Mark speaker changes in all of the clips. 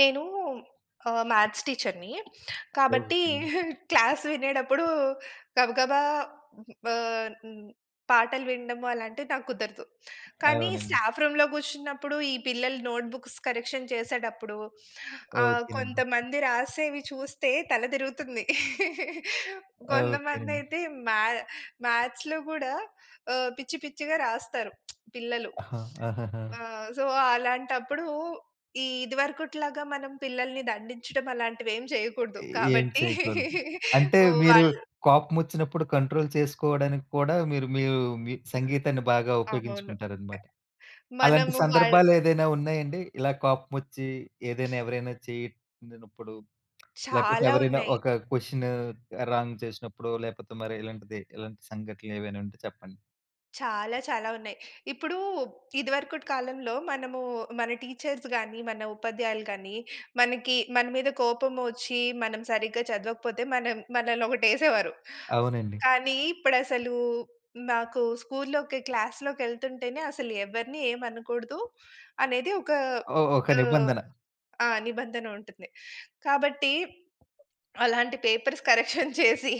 Speaker 1: నేనూ ఆహ్, మ్యాథ్స్ టీచర్‌ని. కాబట్టీ,
Speaker 2: ఓకే నండి.
Speaker 1: క్లాస్ వినేటప్పుడూ గబగబా హ్మ్, బాన్ హ్మ్, పాటలు విండము అలాంటివి నాకు కుదరదు. కానీ,
Speaker 2: అవునండి.
Speaker 1: స్టాఫ్ రూమ్‌లో గూర్చున్నప్పుడు, ఈ పిల్లలు నోట్‌బుక్స్ కరెక్షన్ చేసేటప్పుడు ఆహ్,
Speaker 2: ఓకే నండి.
Speaker 1: కొంతమంది రాసేవి చూస్తే తల దిరుగుతుంది.
Speaker 2: ఓకే నండి.
Speaker 1: గొంతమందయితే మా మ్యాథ్స్‌లో గూడా ఆహ్, పిచ్చి, పిచ్చిగా రాస్తారు పిల్లలు.
Speaker 2: ఆహా! ఆహాహా!
Speaker 1: ఆ! సో, అలాంటప్పుడూ, ఈ ఇది వరుకుట్లాగా మనం పిల్లలని దండించటం అలాంటివేం చెయకూడదు.
Speaker 2: ఎ ఏం
Speaker 1: కాబట్టీ,
Speaker 2: చేయకూడదు. అంటే,
Speaker 1: ఒ
Speaker 2: మీరు
Speaker 1: వాళ్ళు
Speaker 2: కోపమొచ్చినప్పుడు కంట్రోల్ చేసుకోవడానికి కూడా మీరు, మీ యూ మీ సంగీతాన్ని బాగా
Speaker 1: అవును.
Speaker 2: ఉపయోగించుకుంటారనమాట.
Speaker 1: టక్
Speaker 2: అలాంటి
Speaker 1: మనము వాళ్
Speaker 2: సందర్భాలేదైనా ఉన్నాయండి? ఇలా కోపమొచ్చీ ఏదైనా, ఎవరైనా చేసినప్పుడు, లేపోతే
Speaker 1: చాలా
Speaker 2: ఎవరైనా
Speaker 1: ఉన్నయి.
Speaker 2: ఒక కొషనూ రాంగ్ చేసినప్పుడో,
Speaker 1: హ్మ్.
Speaker 2: లేపోతే మరెలాంటిది, ఇలాంటి సంఘటనలేవైనుంటే చెప్పండి.
Speaker 1: చాలా, చాలా ఉన్నయి. ఇప్పుడూ ఇదివరుకుటి కాలంలో మనమూ మన టీచర్స్ గానీ, మన ఉపాధ్యాయులు కానీ, మనకి మన మీద కోపమొచ్చీ, మనం సరిగ్గా చదవకపోతే, మనం మనలనొకటేసేవారు.
Speaker 2: అవునండి.
Speaker 1: కానీ, ఇప్పుడసలూ నాకు స్కూల్‌లోకి, క్లాస్‌లోకెళ్తుంటేనే అసలు ఎవరిని ఏమనకూడదు, అనేది ఒకా
Speaker 2: ఓహ్! ఒక
Speaker 1: ఆహ్
Speaker 2: నిబంధన.
Speaker 1: ఆ! నిబంధన ఉంటుంది. కాబట్టి, అలాంటి పేపర్స్ కరెక్షన్ చేసీ,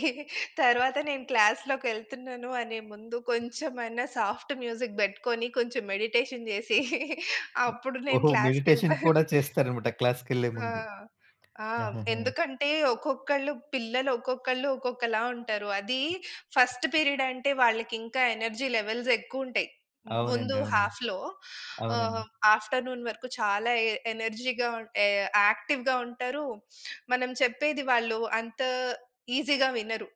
Speaker 1: తర్వాత నేను క్లాస్‌లోకెళ్తున్నాను అనే ముందు, కొంచెమయినా సాఫ్ట్ మ్యూజిక్ బెట్టుకొని, కొంచెం మెడిటేషన్ జేసి,
Speaker 2: ఒ
Speaker 1: అప్పుడు నేను
Speaker 2: ఓహో! మెడిటేషన్
Speaker 1: క్లాస్‌కెళ్తాను.
Speaker 2: కూడా చేస్తారనమాట
Speaker 1: హ్మ్.
Speaker 2: క్లాస్‌కెళ్ళే
Speaker 1: ఆ!
Speaker 2: ముందు.
Speaker 1: ఆ!
Speaker 2: హుహుహు.
Speaker 1: ఎందుకంటే, ఒక్కొక్కళ్ళు పిల్లలు, ఒక్కొక్కళ్ళు ఒక్కొక్కలా ఉంటారు. అదీ ఫస్ట్ పీరిడంటే వాళ్ళకింకా ఎనర్జీ లెవెల్సెక్కువుంటయి. మ్ ముందు
Speaker 2: అవునండి. అవునండి.
Speaker 1: హాఫ్‌లో ఆహ్,
Speaker 2: అవునండి.
Speaker 1: హ్మ్, ఆఫ్టర్‌నూన్ వరకు చాలా ఎ ఎనర్జీగా ఉన్ ఎ యాక్టివ్‌గా ఉంటరూ, మనం చెప్పేది వాళ్ళు అంతా ఈజీగా వినరు.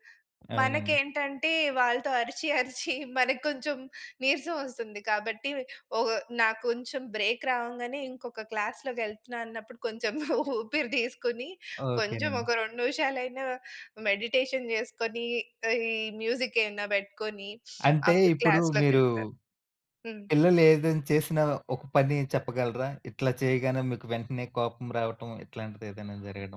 Speaker 2: అవునా?
Speaker 1: మనకేంటంటే, వాళ్ళతో అరిచి, అరిచి మనకి కొంచెం నీరసవొస్తుంది. కాబట్టి, ఒగ్ నా కొంచెం బ్రేక్ రావంగానే, ఇంకొక క్లాస్‌లోకెళ్తున్నా అన్నప్పుడు, కొంచెం ఊపిరి దీసుకుని, కొంచెం
Speaker 2: ఓకేనండి.
Speaker 1: ఒక 2 నిమిషాలైనా మెడిటేషన్ జేసుకొని, ఈ మ్యూజిక్కేవన్నా బెట్టుకొనీ
Speaker 2: అంటే,
Speaker 1: అప్పుడు
Speaker 2: ఇప్పుడు మీరూ
Speaker 1: క్లాస్‌లోకెళ్తాను. హ్మ్.
Speaker 2: పిల్లలేదైనా చేసినా ఒక పనీ చెప్పగలరా, ఇట్లా చెయగానే మీకు వెంటనే కోపం రావటం, ఇట్లాంటిదేదన్నా జరగడం.